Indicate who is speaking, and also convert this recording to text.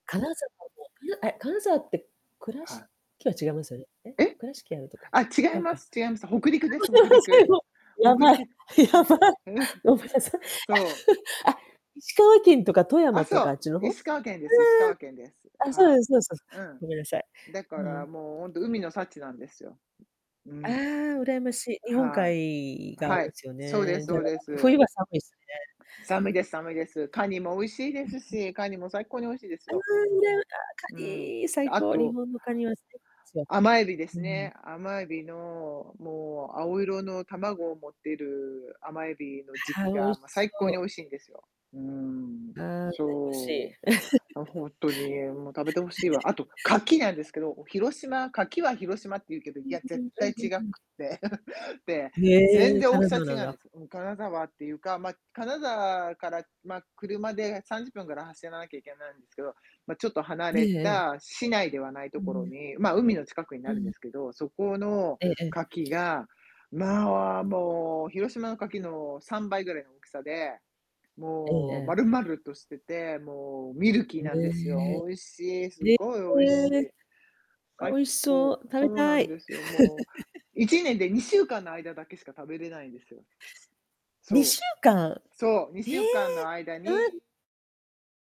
Speaker 1: 金沢で、う、あれ、金沢って倉
Speaker 2: はい。
Speaker 1: 敷は違いますよね。え、
Speaker 2: え？
Speaker 1: 倉敷あるとこ？
Speaker 2: あ、違
Speaker 1: 違
Speaker 2: い
Speaker 1: う
Speaker 2: ま
Speaker 1: か。
Speaker 2: す違います、北陸です。北
Speaker 1: [unintelligible] せ
Speaker 2: 陸。
Speaker 1: ん、も。や
Speaker 2: 北
Speaker 1: ばい。
Speaker 2: 陸。
Speaker 1: やばい。
Speaker 2: ああ、うん、
Speaker 1: ごめんなさい。
Speaker 2: そ
Speaker 1: あ、
Speaker 2: う。
Speaker 1: 石川県とか富
Speaker 2: あ、
Speaker 1: 山と
Speaker 2: そ
Speaker 1: かあ
Speaker 2: う、
Speaker 1: っちの方？
Speaker 2: 石川県です。石川県です。
Speaker 1: ええ。あ、そう
Speaker 2: は
Speaker 1: ですそうです。
Speaker 2: あ。う
Speaker 1: ごめんなさい。
Speaker 2: ん。だ
Speaker 1: う
Speaker 2: か
Speaker 1: ん。
Speaker 2: らもうほんと、海の幸なんですよ。う
Speaker 1: ああ、
Speaker 2: ん。
Speaker 1: 羨ましい。日本
Speaker 2: は
Speaker 1: 海
Speaker 2: い、
Speaker 1: 側
Speaker 2: は
Speaker 1: で
Speaker 2: い、
Speaker 1: すよ
Speaker 2: そうです
Speaker 1: ね。じゃ
Speaker 2: そ
Speaker 1: あ、
Speaker 2: うで
Speaker 1: 冬
Speaker 2: す。
Speaker 1: は寒いすね。
Speaker 2: 寒いです寒いです。カニも美味しいですし。カニも最高に美味しいです
Speaker 1: ああ、
Speaker 2: よ。
Speaker 1: うらあ、カ
Speaker 2: うん。
Speaker 1: ニ、
Speaker 2: で、
Speaker 1: 最
Speaker 2: あ
Speaker 1: 高、日
Speaker 2: と
Speaker 1: 本のカニは [unintelligible] ですよ。
Speaker 2: 甘海老で
Speaker 1: う
Speaker 2: す
Speaker 1: ん。
Speaker 2: ね。甘海老のもう青色の卵を持っている甘海老の時
Speaker 1: あ
Speaker 2: 期
Speaker 1: あ、美味
Speaker 2: が、
Speaker 1: し
Speaker 2: ま、最高
Speaker 1: そう。
Speaker 2: に美味しいんですよ。うーん。
Speaker 1: ああ、羨ましい。
Speaker 2: そう。も、ほんとにもう食べてほしいわ。あ と牡蠣なんですけど、広島牡蠣は広島っていうけど、い
Speaker 1: うん
Speaker 2: や、
Speaker 1: う
Speaker 2: 絶
Speaker 1: ん、あん、
Speaker 2: 対違
Speaker 1: う
Speaker 2: くっ
Speaker 1: うん。
Speaker 2: て、で、
Speaker 1: へ
Speaker 2: 全
Speaker 1: え、
Speaker 2: 然大き
Speaker 1: 金
Speaker 2: さ
Speaker 1: 沢
Speaker 2: 違
Speaker 1: なん
Speaker 2: うん
Speaker 1: だ。
Speaker 2: ですよ。金沢っていうか、ま、金沢から、ま、車で30分ぐらい走らなきゃいけないんですけど、ま、ちょっと離
Speaker 1: ええ
Speaker 2: れ
Speaker 1: ええ。
Speaker 2: た市内ではないと
Speaker 1: う
Speaker 2: ころ
Speaker 1: ん。
Speaker 2: に、ま、海の近くに
Speaker 1: う
Speaker 2: なるん
Speaker 1: ん。
Speaker 2: ですけど、そこの
Speaker 1: ええ。
Speaker 2: 牡蠣が、まあ、もう広島の牡蠣の3倍ぐらいの大きさで、
Speaker 1: ええ
Speaker 2: もう
Speaker 1: ええ。
Speaker 2: 丸々としてて、もうミルキー
Speaker 1: へ
Speaker 2: なんです
Speaker 1: え。
Speaker 2: よ。美味しい、すっ
Speaker 1: え
Speaker 2: ごい美味し
Speaker 1: ええ。
Speaker 2: い。
Speaker 1: あ、美
Speaker 2: 最
Speaker 1: 味しそ
Speaker 2: 高。
Speaker 1: う、食
Speaker 2: そ
Speaker 1: べ
Speaker 2: うな
Speaker 1: た
Speaker 2: ん
Speaker 1: い。
Speaker 2: ですよ、もう。1年で2週間の間だけしか食べれないんですよ。ひつ
Speaker 1: にし
Speaker 2: そ
Speaker 1: ゅうかん。
Speaker 2: う。そう、に
Speaker 1: へ
Speaker 2: しゅ
Speaker 1: え、
Speaker 2: うかんの間
Speaker 1: あ、ん。
Speaker 2: に